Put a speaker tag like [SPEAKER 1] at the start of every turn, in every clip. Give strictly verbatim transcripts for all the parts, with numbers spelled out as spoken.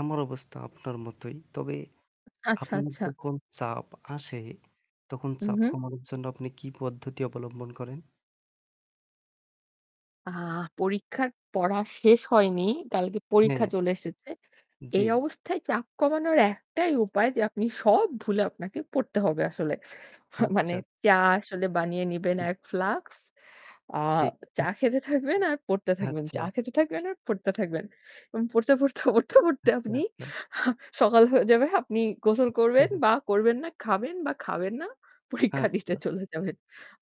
[SPEAKER 1] আমার অবস্থা আপনার মতোই। তবে
[SPEAKER 2] আচ্ছা,
[SPEAKER 1] আপনার
[SPEAKER 2] আচ্ছা।
[SPEAKER 1] যখন চাপ আসে তখন
[SPEAKER 2] উ
[SPEAKER 1] চাপ
[SPEAKER 2] হু।
[SPEAKER 1] কমানোর জন্য আপনি কি পদ্ধতি অবলম্বন করেন?
[SPEAKER 2] আ পরীক্ষার পড়া শেষ হয়নি কালকে পরীক্ষা
[SPEAKER 1] হ্যাঁ।
[SPEAKER 2] চলে এসেছে।
[SPEAKER 1] জি।
[SPEAKER 2] এই অবস্থায় চাপ কমানোর একটাই উপায় যে আপনি সব ভুলে আপনাকে পড়তে হবে আসলে। মা মানে
[SPEAKER 1] হাচ্চা।
[SPEAKER 2] চা আসলে বানিয়ে নিবেন
[SPEAKER 1] হুম।
[SPEAKER 2] এক ফ্লাক্স, আ
[SPEAKER 1] ঠিক।
[SPEAKER 2] চা খেতে থাকবেন আর পড়তে থাকবেন, চা
[SPEAKER 1] হাচ্চা।
[SPEAKER 2] খেতে থাকবেন আর পড়তে থাকবেন এবং পড়তে, পড়তে, পড়তে, পড়তে
[SPEAKER 1] আচ্ছা,
[SPEAKER 2] আপনি
[SPEAKER 1] আচ্ছা।
[SPEAKER 2] আ সকাল হয়ে যাবে। আপনি গোসল করবেন
[SPEAKER 1] [unintelligible]
[SPEAKER 2] বা করবেন না, খাবেন বা খাবেন না, পরীক্ষা দিতে
[SPEAKER 1] আচ্ছা।
[SPEAKER 2] চলে যাবেন।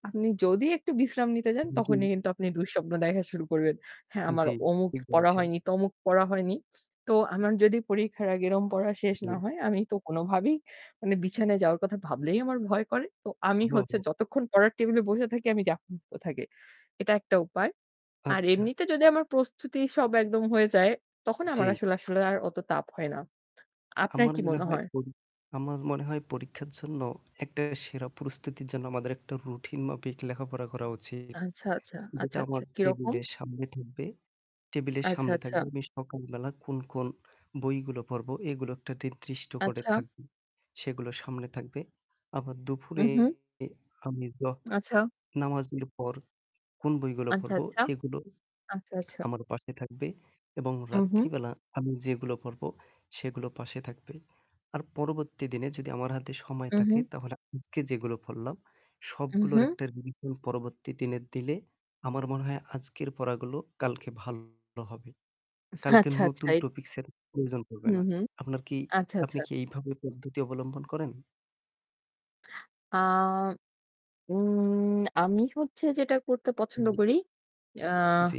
[SPEAKER 2] আপনি যদি একটু বিশ্রাম নিতে যান তখনই
[SPEAKER 1] [unintelligible]
[SPEAKER 2] কিন্তু আপনি দুঃস্বপ্ন দেখা শুরু করবেন। হ্যাঁ, আমার
[SPEAKER 1] জি,
[SPEAKER 2] অমুক
[SPEAKER 1] ঠিক
[SPEAKER 2] পড়া
[SPEAKER 1] বলেছেন।
[SPEAKER 2] হয়নি, তমুক পড়া হয়নি। তো আমার যদি পরীক্ষার আগে এরম পড়া শেষ না
[SPEAKER 1] জি।
[SPEAKER 2] হয় আমি তো কোনোভাবেই মানে বিছানায় যাওয়ার কথা ভাবলেই আমার ভয় করে। তো আমি হচ্ছে
[SPEAKER 1] ঘুমাবো।
[SPEAKER 2] যতক্ষণ পড়ার টেবিলে বসে থাকি, আমি চাপ মুক্ত থাকি, এটা একটা উপায়। আর
[SPEAKER 1] আচ্ছা।
[SPEAKER 2] এমনিতে যদি আমার প্রস্তুতি সব একদম হয়ে যায় তখন আমার
[SPEAKER 1] জি।
[SPEAKER 2] আসলে আসলে আর অত তাপ হয় না। আপনার
[SPEAKER 1] আমার
[SPEAKER 2] কি
[SPEAKER 1] মনে
[SPEAKER 2] মনে
[SPEAKER 1] হয়
[SPEAKER 2] হয়?
[SPEAKER 1] পরী আমার মনে হয় পরীক্ষার জন্য একটা সেরা প্রস্তুতির জন্য আমাদের একটা routine মাফিক লেখাপড়া করা উচিত।
[SPEAKER 2] আচ্ছা, আচ্ছা,
[SPEAKER 1] যেটা
[SPEAKER 2] আচ্ছা,
[SPEAKER 1] আমার
[SPEAKER 2] আচ্ছা। কিরকম?
[SPEAKER 1] টেবিলের সামনে থাকবে। টেবিলের
[SPEAKER 2] আচ্ছা,
[SPEAKER 1] সামনে থাকবে,
[SPEAKER 2] আচ্ছা।
[SPEAKER 1] আমি সকালবেলা কোন, কোন বইগুলো পড়বো এগুলো একটা ট্রির্দিষ্ট করে
[SPEAKER 2] আচ্ছা।
[SPEAKER 1] থাকবে। সেগুলো সামনে থাকবে। আবার
[SPEAKER 2] উ
[SPEAKER 1] দুফুরে
[SPEAKER 2] হু।
[SPEAKER 1] আমি জোহ
[SPEAKER 2] আচ্ছা।
[SPEAKER 1] নামাজের পর কোন বইগুলা
[SPEAKER 2] আচ্ছা,
[SPEAKER 1] পড়বো
[SPEAKER 2] আচ্ছা।
[SPEAKER 1] এগুলো
[SPEAKER 2] আচ্ছা, আচ্ছা।
[SPEAKER 1] আমার পাশে থাকবে এবং
[SPEAKER 2] হু, হু।
[SPEAKER 1] রাত্রিবেলা আমি যেগুলো পড়বো সেগুলো পাশে থাকবে। আর পরবর্তী দিনে যদি আমার হাতে সময়
[SPEAKER 2] উ
[SPEAKER 1] থাকে
[SPEAKER 2] হু।
[SPEAKER 1] তাহলে আজকে যেগুলো পড়লাম
[SPEAKER 2] উ
[SPEAKER 1] সবগুলোর
[SPEAKER 2] হু।
[SPEAKER 1] একটা revision পরবর্তী দিনের দিলে, আমার মনে হয় আজকের পড়াগুলো কালকে ভালো হবে। কালকে
[SPEAKER 2] আচ্ছা, আচ্ছা।
[SPEAKER 1] নতুন
[SPEAKER 2] এ
[SPEAKER 1] topics এর প্রয়োজন
[SPEAKER 2] উ
[SPEAKER 1] পড়বে না।
[SPEAKER 2] হু।
[SPEAKER 1] আপনার কি
[SPEAKER 2] আচ্ছা,
[SPEAKER 1] আপনি
[SPEAKER 2] আচ্ছা।
[SPEAKER 1] কি এইভাবে পদ্ধতি অবলম্বন করেন?
[SPEAKER 2] আ উম আমি হচ্ছে যেটা করতে পছন্দ
[SPEAKER 1] জি।
[SPEAKER 2] করি, আ
[SPEAKER 1] জি।